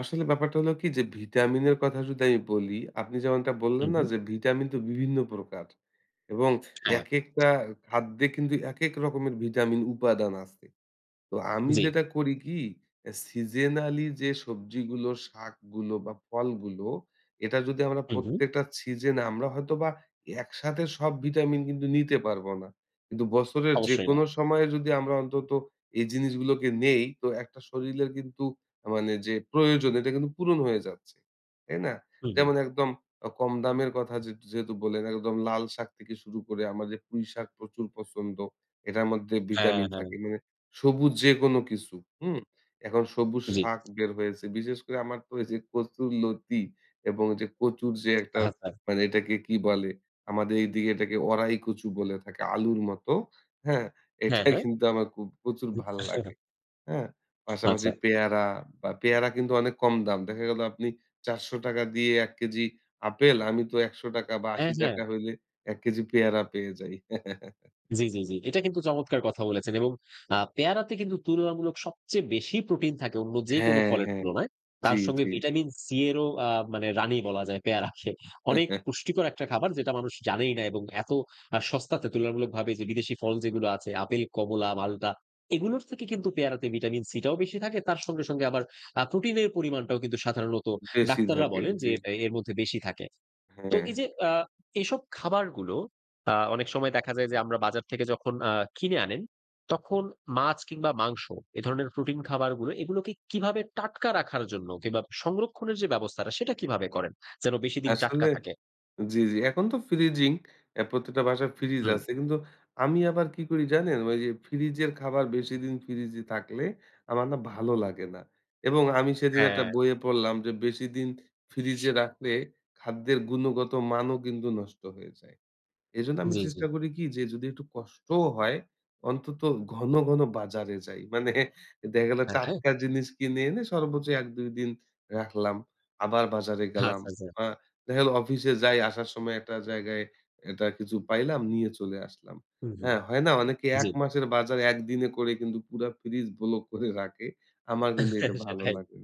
আসলে ব্যাপারটা হলো কি যে, ভিটামিন এর কথা যদি আমি বলি আপনি যেমনটা বললেন হুম, না হুম। যে, ভিটামিন তো বিভিন্ন প্রকার এবং হ্যা। একেকটা খাদ্যে কিন্তু একেক রকমের ভিটামিন উপাদান আছে। তো আমি জ্বি। যেটা করি কি সিজেনালি যে, সবজিগুলো, শাকগুলো বা ফলগুলো এটা যদি আমরা হু, হুম। প্রত্যেকটা সিজন আমরা হয়তোবা একসাথে সব ভিটামিন কিন্তু নিতে পারব না। কিন্তু বছরের অবশ্যই না। যেকোনো সময়ে যদি আমরা অন্তত এই জিনিসগুলোকে নেই, তো একটা শরীরের কিন্তু মানে যে, প্রয়োজন এটা কিন্তু পূরণ হয়ে যাচ্ছে, তাই না? হু, হুম। যেমন একদম কম দামের কথা যে, যেহেতু বলে গেল একদম লাল শাক থেকে শুরু করে আমাদের পুঁই শাক প্রচুর পছন্দ। এটার মধ্যে হ্যা, ভিটামিন হ্যা। থাকে, মানে সবুজ যেকোনো কিছু, হুম। এখন সবুজ জ্বি। শাক বের হয়েছে, বিশেষ করে আমার তো এই যে, কচুর লতি এবং যে, কচুর যে, একটা আচ্ছা। মানে এটাকে কি বলে আমাদের এদিকে এটাকে ওড়াই কচু বলে থাকে, আলুর মতো, হ্যা। হ্যা, এটাই কিন্তু আমার খুব প্রচুর ভালো হ্যা। লাগে, হ্যা। পাশাপাশি আচ্ছা। পেয়ারা বা পেয়ারা কিন্তু অনেক কম দাম, দেখা গেল আপনি ৪০০ টাকা দিয়ে ১ কেজি আপেল আমি তো ৳১০০ বা হ্যা, ৳৮০ হ্যা। হইলে ১ কেজি পেয়ারা পেয়ে যাই। জ্বি, জ্বি, জ্বি। এটা কিন্তু চমৎকার কথা বলেছেন এবং আ পেয়ারাতে কিন্তু তুলনামূলক সবচেয়ে বেশি প্রোটিন থাকে অন্য যে, হ্যা, কোন ফলের হ্যা। তুলনায় জ্বি, তার সঙ্গে জ্বি। ভিটামিন সি এরও আ মানে রানি বলা যায় পেয়ারাকে। অনেক পুষ্টিকর একটা খাবার যেটা মানুষ জানেই না এবং এত আ সস্তাতে তুলনামূলকভাবে যে, বিদেশী ফল যেগুলো আছে আপেল, কমলা, মাল্টা এগুলোর থেকে কিন্তু পেয়ারাতে ভিটামিন সি টাও বেশি থাকে, তার সঙ্গে আবার আ প্রোটিনের পরিমাণটাও কিন্তু সাধারণত বেশি ডাক্তাররা থাকে, বলেন যে, জ্বি। ব এর মধ্যে বেশি থাকে। তো হ্যা। এই যে, আ এসব খাবারগুলো আ অনেক সময় দেখা যায় যে, আমরা বাজার থেকে যখন আ কিনে আনেন, তখন মাছ কিংবা মাংস এ ধরনের প্রোটিন খাবারগুলো এগুলোকে কিভাবে টাটকা রাখার জন্য কিংবা সংরক্ষণের যে, ব্যবস্থাটা, সেটা কিভাবে করেন, যেন বেশিদিন টাটকা আসলে, থাকে? জ্বি, জ্বি। এখন তো ফ্রিজিং, এ প্রত্যেকটা বাসায় ফ্রিজ হুম। আছে। কিন্তু আমি আবার কি করি জানেন! ওই যে, ফ্রিজের খাবার বেশিদিন ফ্রিজে থাকলে আমার না ভালো লাগে না। এবং আমি সেদিন একটা হ্যা। বইয়ে পড়লাম যে, বেশিদিন ফ্রিজে রাখলে, খাদ্যের গুণগত মানও কিন্তু নষ্ট হয়ে যায়। এজন্য আমি জ্বি, জ্বি। চেষ্টা করি কি যে, যদি একটু কষ্টও হয়, অন্তত ঘন, ঘন বাজারে যাই। মানে দেখা গেল হ্যা, হ্যা। টাটকা জিনিস কিনে এনে সর্বোচ্চ ১ ২ দিন রাখলাম আবার বাজারে গেলাম। আচ্ছা, আচ্ছা। দেখা গেল অফিসে যাই, আসার সময় একটা জায়গায় একটা কিছু পাইলাম নিয়ে চলে আসলাম, হুম, হুম, হ্যা। হয় না অনেকে জ্বি। ১ মাসের বাজার ১ দিনে করে কিন্তু পুরা ফ্রিজ ব্লক করে রাখে, আমার কিন্তু এটা ভালো সেটাই। লাগে না।